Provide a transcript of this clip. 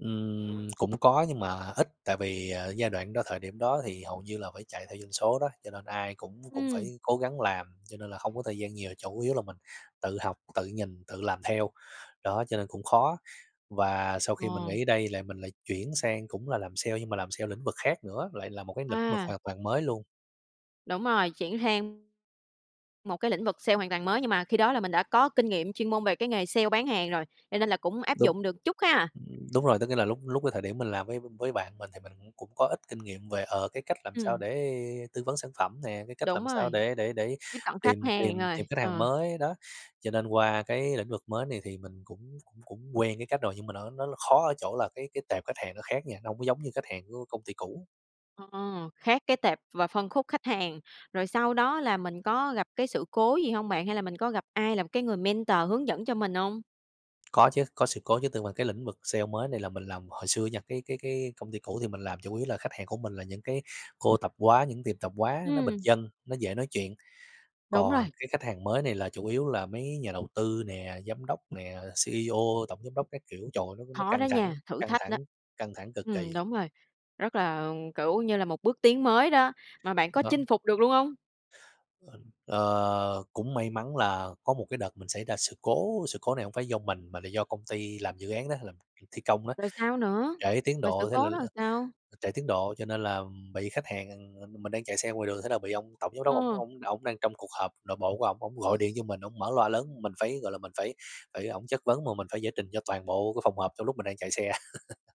Ừm, cũng có nhưng mà ít, tại vì, ờ, giai đoạn đó thời điểm đó thì hầu như là phải chạy theo doanh số đó, cho nên ai cũng cũng Ừm. phải cố gắng làm cho nên là không có thời gian nhiều, chủ yếu là mình tự học, tự nhìn, tự làm theo, đó, cho nên cũng khó. Và sau khi mình Ờ. nghỉ ở đây là mình lại chuyển sang cũng là làm sale nhưng mà làm sale lĩnh vực khác nữa, lại là một cái lĩnh vực À. hoàn toàn mới luôn. Đúng rồi, chuyển sang một cái lĩnh vực sale hoàn toàn mới, nhưng mà khi đó là mình đã có kinh nghiệm, chuyên môn về cái nghề sale bán hàng rồi, cho nên là cũng áp Đúng, dụng được chút ha. ừm, đúng rồi, có nghĩa là lúc lúc cái thời điểm mình làm với với bạn mình thì mình cũng cũng có ít kinh nghiệm về, ờ, cái cách làm sao Ừm. để tư vấn sản phẩm nè, cái cách Đúng làm sao rồi, để để để tiếp cận khách tìm hàng tìm tìm rồi, khách hàng ờ. mới đó. Cho nên qua cái lĩnh vực mới này thì mình cũng cũng cũng quen cái cách rồi, nhưng mà nó nó là khó ở chỗ là cái cái tệp khách hàng nó khác nha, nó hông có giống như khách hàng của công ty cũ. Ờ, khác cái tệp và phân khúc khách hàng. Rồi sau đó là mình có gặp cái sự cố gì hông bạn? Hay là mình có gặp ai làm cái người mentor hướng dẫn cho mình hông? Có chứ, có sự cố chứ, từ mà cái lĩnh vực sale mới này là mình làm hồi xưa nha, cái cái cái công ty cũ thì mình làm chủ yếu là khách hàng của mình là những cái cô tạp hóa, những tiệm tạp hóa nó bình Ừm. dân, nó dễ nói chuyện. Đúng rồi. Còn cái khách hàng mới này là chủ yếu là mấy nhà đầu tư nè, giám đốc nè, CEO, tổng giám đốc các kiểu, trời ơi, nó nó Khó căng đó nha, thẳng, thử căng thách đó! thẳng, căng thẳng cực Ừm, kỳ. đúng rồi, rất là, ừm, kiểu như là, một bước tiến mới đó, mà bạn có Đó. chinh phục được luôn hông? Ờ, ờ, cũng may mắn là có một cái đợt mình xảy ra sự cố, sự cố này hông phải do mình mà là do công ty làm dự án đó, làm việc thi công đó, Rồi sao nữa, trễ tiến mà sự độ thế là cố đó làm là sao? trễ tiến độ, cho nên là, ừm, bị khách hàng ừm, mình đang chạy xe ngoài đường, thế là bị ông tổng giám đốc ổng Ờ. ổng ổng đang trong cuộc họp nội bộ của ổng ổng gọi điện cho mình ổng mở loa lớn. Mình phải, gọi là, mình phải phải ổng chất vấn mà mình phải giải trình cho toàn bộ cái phòng họp trong lúc mình đang chạy xe.